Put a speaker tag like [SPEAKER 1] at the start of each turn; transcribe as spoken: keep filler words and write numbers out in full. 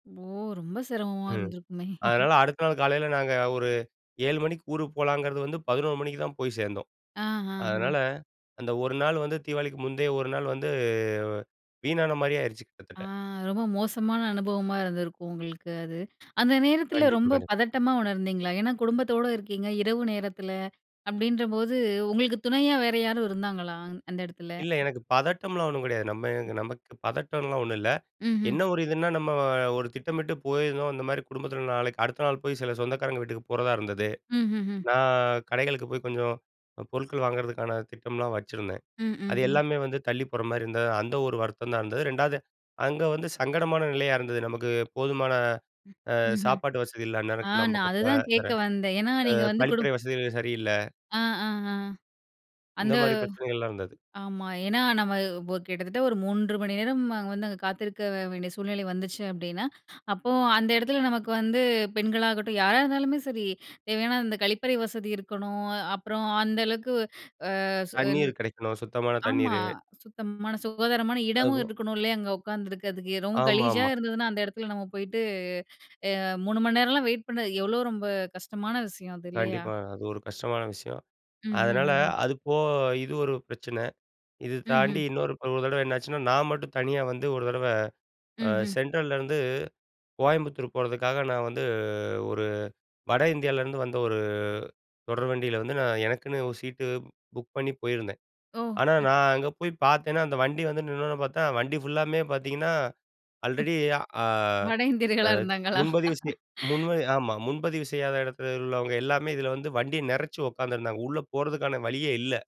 [SPEAKER 1] ஓ! ரொம்ப சிரமமா
[SPEAKER 2] ம்.
[SPEAKER 1] இருந்திருக்குமே.
[SPEAKER 2] அதனால, அடுத்த நாள் காலையில நாங்க ஒரு ஏழு மணிக்கு ஊருக்கு போகலாங்கிறது வந்து, பதினொரு மணிக்கு தான் போய் சேர்ந்தோம்.
[SPEAKER 1] அஹஹ.
[SPEAKER 2] அதனால, அந்த ஒரு நாள் வந்து தீவாளிக்கு முந்தைய ஒரு நாள் வந்து வீணான மாரியே ஆயிருச்சு
[SPEAKER 1] ஆ,
[SPEAKER 2] கிட்டத்தட்ட.
[SPEAKER 1] ரொம்ப மோசமான அனுபவமா இருந்திருக்கும் உங்களுக்கு, அது. அந்த நேரத்தில
[SPEAKER 2] கண்டிப்பா,
[SPEAKER 1] ரொம்ப
[SPEAKER 2] கண்டிப்பா.
[SPEAKER 1] பதட்டமா உணர்ந்தீங்களா? ஏனா, குடும்பத்தோட இருக்கீங்க, இரவு நேரத்தில அப்படீன்ற போது, உங்களுக்கு துணையா வேற யாரும் இருந்தாங்களா? அந்த இடத்துல.
[SPEAKER 2] இல்ல எனக்கு பதட்டம்லாம் ஒண்ணும் கெடையாது. நம்ம நமக்கு பதட்டம்லாம் ஒண்ணும் இல்ல.
[SPEAKER 1] ம்ஹ்ம்.
[SPEAKER 2] என்ன ஒரு இதுனா, நம்ம ஒரு திட்டமிட்டு போயிருந்தோம். இந்த மாரி குடும்பத்தில நாளைக்கு அடுத்த நாள் போய் சில சொந்தக்காரங்க வீட்டுக்கு போறதா இருந்தது.
[SPEAKER 1] ம்ஹ்ஹும்.
[SPEAKER 2] நான் கடைகளுக்கு போய் கொஞ்சம் அ பொருட்கள் வாங்குறதுக்கான திட்டம்லா வச்சுருந்தேன்.
[SPEAKER 1] ம்,
[SPEAKER 2] அது
[SPEAKER 1] ம், ம்.
[SPEAKER 2] எல்லாமே வந்து தள்ளிப் போற மாரி இருந்தது. அந்த ஒரு வருத்தம் தான் இருந்தது. ரெண்டாவது, அங்க வந்து சங்கடமான நிலையா இருந்தது. நமக்கு போதுமான
[SPEAKER 1] ம்,
[SPEAKER 2] ஆ
[SPEAKER 1] ம்ஹ்ம்.
[SPEAKER 2] சாப்பாடு வசதி இல்ல,
[SPEAKER 1] ஆ,
[SPEAKER 2] அந்நேரம்
[SPEAKER 1] நான் அததான் கேட்க
[SPEAKER 2] கிளம்பாக்காத்துல,
[SPEAKER 1] வந்தேன். ஏனா,
[SPEAKER 2] ஆ
[SPEAKER 1] நீங்க வந்து குடு
[SPEAKER 2] கழிப்பறை வசதிகள் சரியில்ல.
[SPEAKER 1] ஆ, ஆ, ஆ.
[SPEAKER 2] இந்த
[SPEAKER 1] அந்த
[SPEAKER 2] மாரி பிரச்சனைகள்லாம் இருந்தது.
[SPEAKER 1] ஆமா. ஏனா, நம்ம இப்போ கிட்டத்தட்ட ஒரு மூன்று மணி நேரம் அங்க வந்து, அங்க காத்திருக்க வேண்டிய சூழ்நிலை வந்துச்சு அப்டின்னா, அப்போ அந்த இடத்துல நமக்கு வந்து பெண்களாகட்டும் யாரா இருந்தாலுமே சரி, தேவையான அந்த கழிப்பறை வசதி இருக்கணும். அப்புறம் அந்த அளவுக்கு ஆ சு ன்
[SPEAKER 2] தண்ணீர் கிடைக்கணும். சுத்தமான
[SPEAKER 1] ஆமா,
[SPEAKER 2] தண்ணீரு.
[SPEAKER 1] சுத்தமான, சுகாதாரமான
[SPEAKER 2] அது
[SPEAKER 1] இடமும்
[SPEAKER 2] போ
[SPEAKER 1] இருக்கணும். இல்லையா? அங்க உட்காந்துக்கிறதுக்கு ரொம்ப கலீஜா
[SPEAKER 2] ஆமாம்மா.
[SPEAKER 1] இருந்ததுனா, அந்த இடத்துல நம்ம போயிட்டு அ மூணு மணி நேரம்லாம் வெயிட் பண்றது, எவ்வளோ ரொம்ப கஷ்டமான விஷயம். அது இல்லையா?
[SPEAKER 2] கண்டிப்பா. அது ஒரு கஷ்டமான விஷயம். அதனால
[SPEAKER 1] ம்ஹ்ஹ்ஹும்.
[SPEAKER 2] அது போ இது ஒரு பிரச்சன. இது தாண்டி
[SPEAKER 1] ம்ஹ்ம்.
[SPEAKER 2] இன்னொரு ஒரு தடவ என்னாச்சுன்னா, நான் மட்டும் தனியா வந்து ஒரு தடவ அ
[SPEAKER 1] ம்ஹ்ம்.
[SPEAKER 2] சென்ட்ரலேருந்து கோயம்புத்தூர் போறதுக்காக நான் வந்து, ஒரு வட இந்தியாவிலேருந்து வந்த ஒரு தொடர் வண்டியில வந்து, நான் எனக்குன்னு ஒரு சீட்டு புக் பண்ணி போயிருந்தேன்.
[SPEAKER 1] ஓ!
[SPEAKER 2] ஆனா,
[SPEAKER 1] ம்.
[SPEAKER 2] நான் அங்க போய் பார்த்தேனா, அந்த வண்டி வந்து நின்னோன பார்த்தா வண்டி ஃபுல்லாமே பார்த்தீங்கன்னா,
[SPEAKER 1] ம்.
[SPEAKER 2] அல்ரெடி ஆ
[SPEAKER 1] வட
[SPEAKER 2] அ
[SPEAKER 1] இந்தியர்களா இருந்தாங்களா?
[SPEAKER 2] முன்பதிவு செய் முன்பதி ஆமா, முன்பதிவு செய்யாத எடத்துல உள்ளவங்க எல்லாமே இதில வந்து வண்டிய நெறச்சு உட்கார்ந்திருந்தாங்க. உள்ள போறதுக்கான வழியே இல்ல.